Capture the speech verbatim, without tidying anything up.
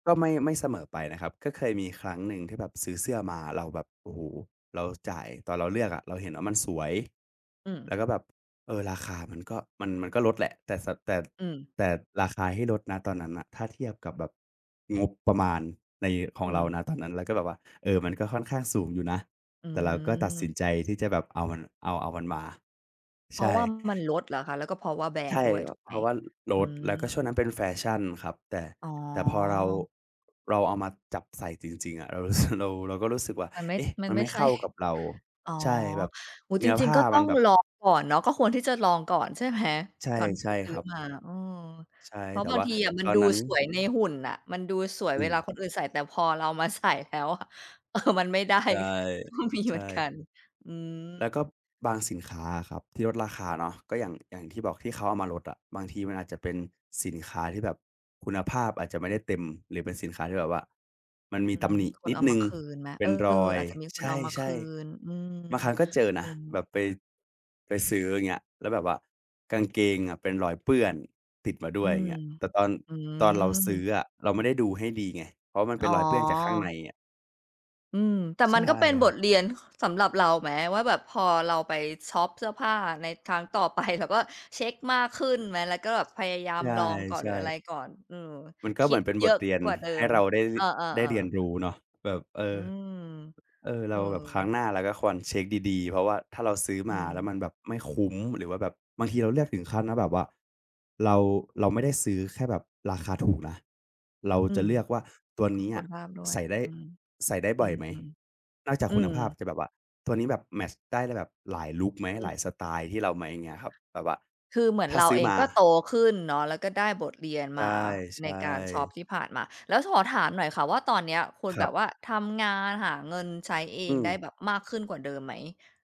ก็ไม่ ไม่เสมอไปนะครับ ก็เคยมีครั้งหนึ่งที่แบบซื้อเสื้อมา เราแบบ โอ้โฮ เราจ่าย ตอนเราเลือกอะเราเห็นว่ามันสวย อืแม ล้วก็แบบ เอ่อ ราคามันก็ มัน มันก็ลดแหละ แต่ ส แต่ อืม แต่ราคาที่ลด ณ ตอนนั้นน่ะ ถ้าเทียบกับแบบ งบประมาณใน ขอองืเรา ม ณ ตอนนั้น แล้วก็แบบว่า เอ่อ มันก็ค่อนข้างสูงอยู่นะ อืแต่เราก็ตัดสินม ใจที่จะแบบเอามัน เอา เอามันมา เพใชราะ่ ว่ามันลด เหรอคะ? แล้วก็เพราะว่าแบรใชน่ ด์ด้วยว ถูกเไพหม? ราะว่า ล ลอืด แล้วก็ช่วม งนั้นเป็นแฟชั่นครับ แต่ อ๋อ แต่ พอเรา เราเอามาจับใส่จริง ๆ อะเรารู้ สึก เรา เราก็รู้สึกว่า มันไม่ เอ๊ะ มัมนันไไมม่่ใเชข่ ้ากับเรา อ๋อ ใช่ แบบ โอ้โฮ เนจื้อรผิง ้ๆ าก็ตม้ัอนงแบบ ลองก่อนเนาะ ก็ควรที่จะลองก่อนใช่ไหม ใช่ ก่อนที่ใชจ่ะซืค้อรับ มา อืม ใช่ เพราแะต่บาวง่าทีอะมัตนอดนูนั้น สวยในหุ่นน่ะ มันดูสวยอเวืลาม คนอื่นใส่ แต่พอเรามา ใส่แล้วอะ เออ มันไม่ได้ ใช่ ก็ มีใชเหมือนก่ ัน อืแล้วก็ม บางสินค้าอะครับที่ ลดราคาเนาะ ก็อย่าง อย่างที่บอก ที่เขาเอามาลดอะ บางทีมันอาจจะเป็นสินค้าที่แบบคุณภาพอาจจะไม่ได้เต็ม หรือเป็นสินค้าที่แบบว่ามันมีอืตม ำหนิคนนิดเอาหนมึา่ง คืนไหม? เปเ็ออ นรอย อาจจะมีคในเอามาชค่ ืน อืม ๆ บางครั้งก็เจอนอืะ ม แบบไป ไปซื้อ อย่างเงี้ย แล้วแบบว่ากางเกงอะเป็นรอยเปื้อนติดมาด้อืวย อย่าม งเงี้ย แต่ตอน อืตอนเราซื้ม ออะเราไม่ได้ดูให้ดีไง เพราะมันอเป๋็นอ รอยเปื้อนจากข้างในอะ อืม แต่ใชมั่นก็เป็นคบรับ ทเรียน ค สำหรับเราไหม ว่าแบบพอเราไปชอปเสื้อผ้าในครั้งต่อ ไป เราก็เช็กมากขึ้นไหม แล้วก็แบบพยายาใมลองก่อน ชหรื่ ออะไรๆ ก่อน อืม มันก็คเหิมืดอนเป็นเบยอทะเรียนกว่าเดิให้ม เราได้ ท เออ ได้เรียนๆ ๆ รู้เนาะ แบบ เออือ ม เออ เอเราแบบ ครั้งอ หน้าเราก็ควรเช็กดี ๆ เพราะว่าถ้าเราซื้ออืมาแล้ม วมันแบบไม่คุ้ม หรือว่าแบบ บางทีเราเลือกถึงขั้นว่าแบบว่าเรา เราไม่ได้ซื้อแค่แบบราคาถูกนะ เราอืจะม เลือกว่าตัวก็นี้คอุะณภาพด้วใย ส่ได้ อืม ใส่ได้อบื่อยไหม ม นอกจาๆ กอืคุณภาพ ม จะแบบว่าตัวนี้แบบแมตช์ได้ ได้แบบหลายลุกไหม? อืหลายม สไตล์ที่เราไหม? อย่างเงี้ยครับ แบบว่าคือเหมือนถ้าเราซื้อเองมา ก็โตขึ้นเนาะ แล้วก็ได้บทเรียนใชมาใน่ การชอปๆ ที่ผ่านมา แล้วถอ ถามหน่อยค่ะว่าตอนเนี้ย คุณครแบับบ ว่าทำงานหาเงินใช้เออืงได้ม แบบมากขึ้นกว่าเดิมไหม?